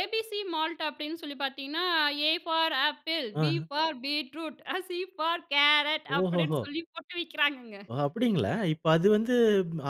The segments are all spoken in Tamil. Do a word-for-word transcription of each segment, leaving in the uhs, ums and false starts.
ஏபிசி மால்ட் அப்டின்னு சொல்லி பார்த்தீங்கன்னா, ஏ ஃபார் ஆப்பிள், பி அ. For beetroot, C for carrot அப்டின்னு ஓஹோஹோ! சொல்லி போட்டு விற்கிறாங்கங்க. ஓ அப்டிங்களா? இப்ப அது வந்து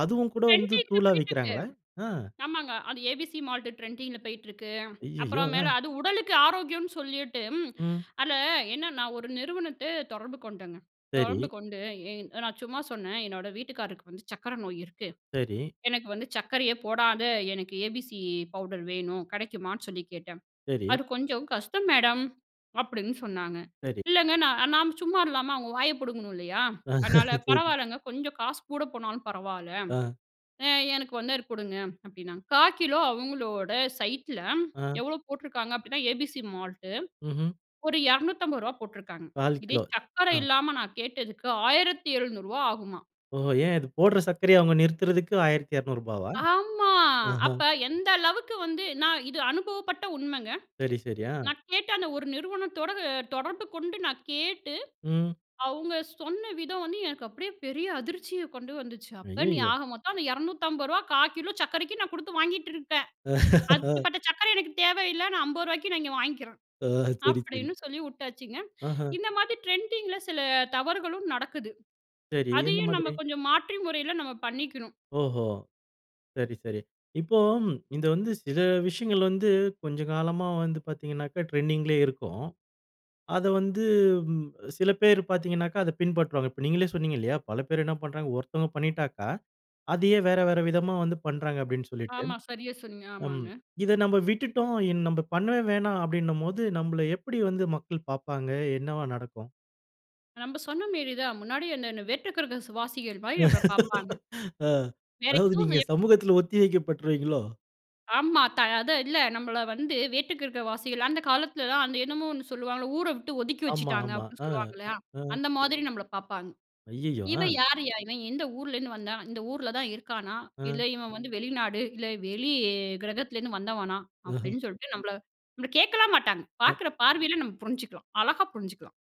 அதுவும் கூட வந்து ட்ரெண்டிங் ல தூளா போய்ட்டிருக்கு. விற்கிறாங்களா? ஆ. ஆமாங்க அது ஏபிசி மால்டு ட்ரெண்டிங் ல போய்ட்டிருக்கு. ஐய்யய்யோ! அப்புறம் மேல அ. அது உடலுக்கு ஆரோக்கியம்னு சொல்லிட்டு, ம். அதில என்னனா ஒரு நிறுவனத்த தொடர்பு கொண்டேங்க. தொடர்பு சரி. கொண்டு, என் நான் சும்மா சொன்னேன், என்னோட வீட்டுக்காரருக்கு வந்து சர்க்கரை நோய் இருக்கு, சரி. எனக்கு வந்து சர்க்கரையே போடாத எனக்கு ஏபிசி பவுடர் வேணும், கிடைக்குமான்னு சொல்லி கேட்டேன், சரி. அது கொஞ்சம் கஷ்டம் மேடம், அப்டின்னு சொன்னாங்க. சரி. இல்லங்க நான் நாம் சும்மா இல்லாம அவங்க வாய புடுங்கணும் இல்லையா, அதனால பரவாலங்க கொஞ்சம் காசு கூட போனாலும் பரவால, அ. அ எனக்கு வந்தர் அது குடுங்க அப்டின்னாங்க. காக்கிலோ அவங்களோட சைட் ல அ. எவ்வளோ போட்டிருக்காங்க அப்டின்னா, ஏபிசி மால்டு ம்ஹம். ஒரு இருநூத்தம்ப ரூபா போட்டுருக்காங்க. கால் இதே கிலோ சர்க்கர ஆ. இல்லாம நான் கேட்டதுக்கு ஆயிரத்து எழுநூறு ரூபா ஆகுமா. ஓ! ஏன் இது போடுற சர்க்கரைய அவங்க நிறுத்துறதுக்கு ஆயிரத்து இருநூறு ரூபாவா? ஆமா. ஆஹ. அப்ப எந்த அளவுக்கு வந்து நான் இது அனுபவப்பட்ட உண்மங்க, சரி, சரி, ஆ. நான் கேட்ட அந்த ஒரு நிறுவனத்தோட தொடர்பு கொண்டு நான் கேட்டு, ம். அவங்க சொன்ன விதம் வந்து எனக்கு அப்டியே பெரிய அதிர்ச்சிய கொண்டு வந்துச்சு. அப்ப நீ ஐயயோ! ஆக மொத்தம் அந்த இருநூத்தி அம்பது ரூபாய் காக்கிலோ சர்க்கரைக்கு நான் குடுத்து வாங்கிட்டுருப்பேன். அப்டிப்பட்ட சர்க்கர எனக்கு தேவ இல்ல நான் அம்பது ரூபாய்க்கு நான் இங்க வாங்கிக்குறேன், ஆ, சரி, சரி. அப்டின்னு சொல்லி வுட்டாச்சுங்க. ஆஹா. இந்த மாதி ட்ரெண்டிங் ல சில தவறுகளும் நடக்குது, சரி, எந்த அதையும் நம்ம மாதிரி? கொஞ்சம் மாற்றி முறையில நம்ம பண்ணிக்கணும். ஓஹோ! சரி, சரி. இப்போ இது வந்து சில விஷயங்கள் வந்து, கொஞ்சம் காலமா வந்து பார்த்தீங்கனாக்கா ட்ரெண்டிங் லியே இருக்கும். அத வந்து சில பேர் பார்த்தீங்கனாக்கா, அத பின்பற்றுவாங்க. இப்ப நீங்களே சொன்னீங்க இல்லையா. பல பேர் என்ன பண்ணுறாங்க, ஒருத்தவங்க பண்ணிட்டாக்கா, அதையே வேற வேற விதமா வந்து பண்ணுறாங்க அப்டின்னு சொல்லிட்டு. ஆமா, சரியா சொன்னீங்க. அம் ஆமாங்க. இத நம்ம விட்டுட்டோம், இன் நம்ப பண்ணவே வேணாம் அப்டினும்போது, நம்மள எப்டி வந்து மக்கள் பார்ப்பாங்க, என்னவா நடக்கும்? நம்ம சொன்னமேரி தான், முன்னாடி என்ன வேற்றுக்கிரகவாசிகள் மாரி நம்மள பார்ப்பாங்க. ஆ வேற அதாவது எதுவும் நீங்க செய்ய மாட்டங்க. சமூகத்தில ஒத்தி வைக்க பட்டுருவீங்களோ? ஆமா. த அதான் இல்ல நம்மள வந்து, வேட்டுக்கிரகவாசிகள், அந்த காலத்தில தான் அந்த என்னமோ ஒண்ணு சொல்லுவாங்கல்ல ஊர வுட்டு ஒதுக்கி ஆமா, வச்சுட்டாங்க ஆமா. அப்டின்னு ஆ. சொல்லுவாங்க இல்லையா, ஆ. அந்த மாதிரி நம்மள பார்ப்பாங்க, ஐய்யயோ! இவன் ஆ யாருயா? இவன் எந்த ஊருலருந்து வந்தான்? இந்த ஊருல தான் இருக்கானா? இல்ல அ. இவன் வந்து வெளிநாடு, இல்ல வெளி கிரகத்திலேருந்து வந்தவனா? அஹ. அப்டின்னு சொல்லிட்டு நம்மள நம்மள கேட்கலாம் மாட்டாங்க, அ. பார்க்குற பார்வையில நம்ம புரிஞ்சுக்கலாம், அழகா புரிஞ்சுக்கலாம்.